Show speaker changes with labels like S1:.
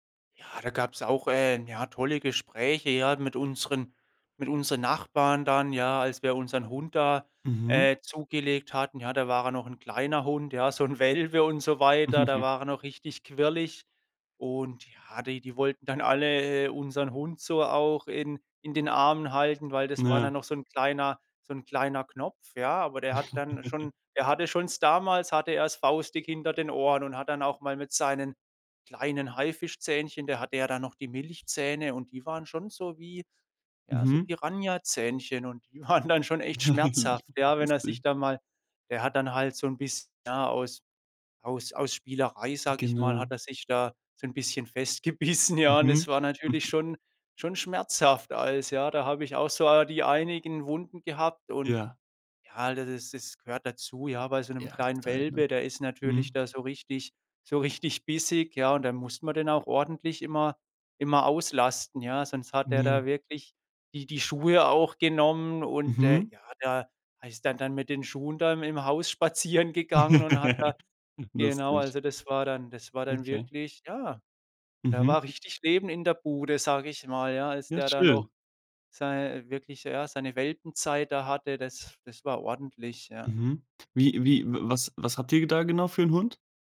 S1: Ja, da gab's auch, äh, ja, tolle Gespräche, ja, mit unseren mit unseren Nachbarn dann, ja, als wir unseren Hund da,
S2: Mhm.
S1: äh, zugelegt hatten. Ja, da war er noch 'n kleiner Hund, ja, so 'n Welpe und so weiter. Da war er noch richtig quirlig. Und ja, die die wollten dann alle, äh, unseren Hund so auch in in den Armen halten, weil das war
S2: Ja.
S1: dann noch so 'n kleiner so 'n kleiner Knopf, ja. Aber der hat dann schon der hatte schon damals hatte er's faustdick hinter den Ohren und hat dann auch mal mit seinen kleinen Haifischzähnchen da hatte ja da noch die Milchzähne und die waren schon so wie ja, so
S2: Mhm.
S1: Piranhazähnchen. Und die waren dann schon echt schmerzhaft, ja, wenn er sich
S2: Lustig.
S1: dann mal Der hat dann halt so 'n biss ja, aus aus aus Spielerei, sage ich mal, hat
S2: Genau.
S1: er sich da so 'n bisschen festgebissen, ja. Und es
S2: Mhm,
S1: war natürlich
S2: mhm.
S1: schon schon schmerzhaft als ja, da habe ich auch so die einigen Wunden gehabt und
S2: Ja.
S1: ja, d d das das gehört dazu. Ja, bei so 'nem
S2: Ja
S1: kleinen
S2: total, ne?
S1: Welpe, der ist natürlich
S2: Mhm.
S1: da so richtig so richtig bissig. Ja, und dann muss man den auch ordentlich immer immer auslasten. Ja, sonst hat er
S2: Mhm.
S1: da wirklich die die Schuhe auch genommen. Und, äh,
S2: Mhm.
S1: ja, der ist dann dann mit den Schuhen da im Haus spazieren gegangen und hat da genau,
S2: Lustig.
S1: also das war dann das war dann
S2: Okay.
S1: wirklich ja, da
S2: Mhm.
S1: war richtig lebend in der Bude, sage ich mal, ja, als
S2: Ja,
S1: der da noch
S2: schön.
S1: sei wirklich ja, seine Welpenzeit da hatte, das das war ordentlich, ja.
S2: Mhm, wie wie w was habt ihr da genau für 'n Hund?